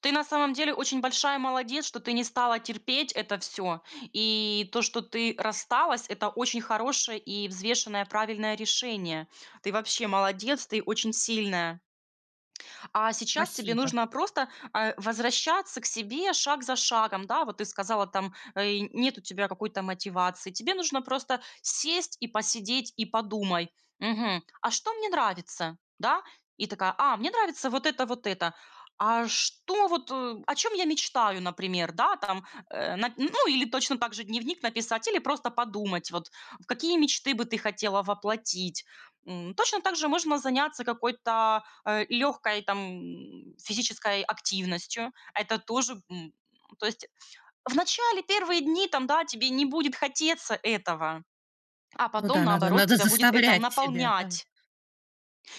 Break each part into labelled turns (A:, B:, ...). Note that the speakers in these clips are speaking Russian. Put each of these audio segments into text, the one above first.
A: Ты на самом деле очень большая молодец, что ты не стала терпеть это всё. И то, что ты рассталась- это очень хорошее и взвешенное правильное решение. Ты, вообще, молодец, ты очень сильная. А сейчас тебе
B: Спасибо.
A: нужно просто, э, возвращаться к себе шаг за шагом. Да, вот ты сказала, там и нет у тебя какой-то мотивации, тебе нужно просто сесть и посидеть, и подумай: "Мгм, а что мне нравится?" Да, и такая: "А, мне нравится вот это, вот это. А, что вот, э, о чем я мечтаю?" Например, да там, э Нап ну, или точно также дневник написать или просто подумать, вот какие мечты бы ты хотела воплотить. М, точно также можно заняться какой-то, э, лёгкой там физической активностью. Это тоже, м то есть, в начале, первые дни, там, да, тебе не будет хотеться этого, а
B: Ну
A: потом
B: да, надо
A: наоборот
B: надо
A: тебя будет это
B: заставлять себя, да.
A: наполнять.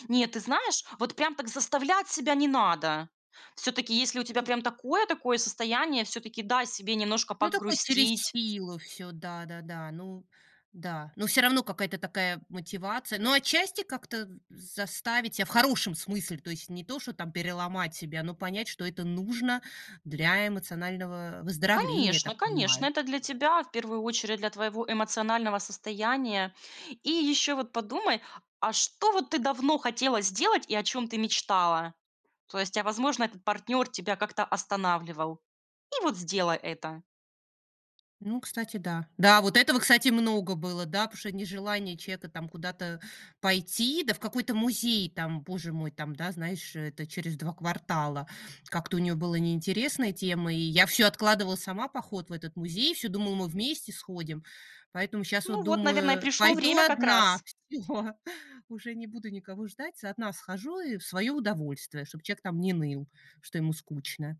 A: Нет, ты знаешь, вот прям так заставлять себя не надо. Всё-таки, если у тебя
B: Ну
A: прям такое такое состояние, всё-таки дай, себе немножко
B: Ну, такой через
A: погрустить.
B: силу всё, да-да-да. Ну да, но всё равно какая-то такая мотивация но отчасти как-то з заставить себя в хорошем смысле, то есть не то, что там переломать себя, но понять, что это нужно для эмоционального выздоровления, я
A: Конечно
B: так
A: конечно,
B: понимаю.
A: это для тебя, в 1 очередь, для твоего эмоционального состояния. И ещё вот подумай, а что вот ты давно хотела сделать и о чём ты мечтала? То есть, а возможно, этот партнёр тебя как-то останавливал и вот сделай это.
B: Ну, кстати, да. Да, вот этого, кстати, много было, да? Потому что нежелание человека куда-то пойти, да, в какой-то музей, там, боже мой, там, да знаешь, э, это через 2 квартала. Как-то у нее было неинтересная тема, и я всё откладывала сама поход в этот музей, всё думала, мы вместе сходим. Поэтому щас вот
A: Ну вот, наверное, и
B: думаю
A: пришло
B: пойду
A: время как
B: одна.
A: раз.
B: Всё! Уже не буду никого ждать, одна схожу и в свое удовольствие, чтобы человек там не ныл, что ему скучно.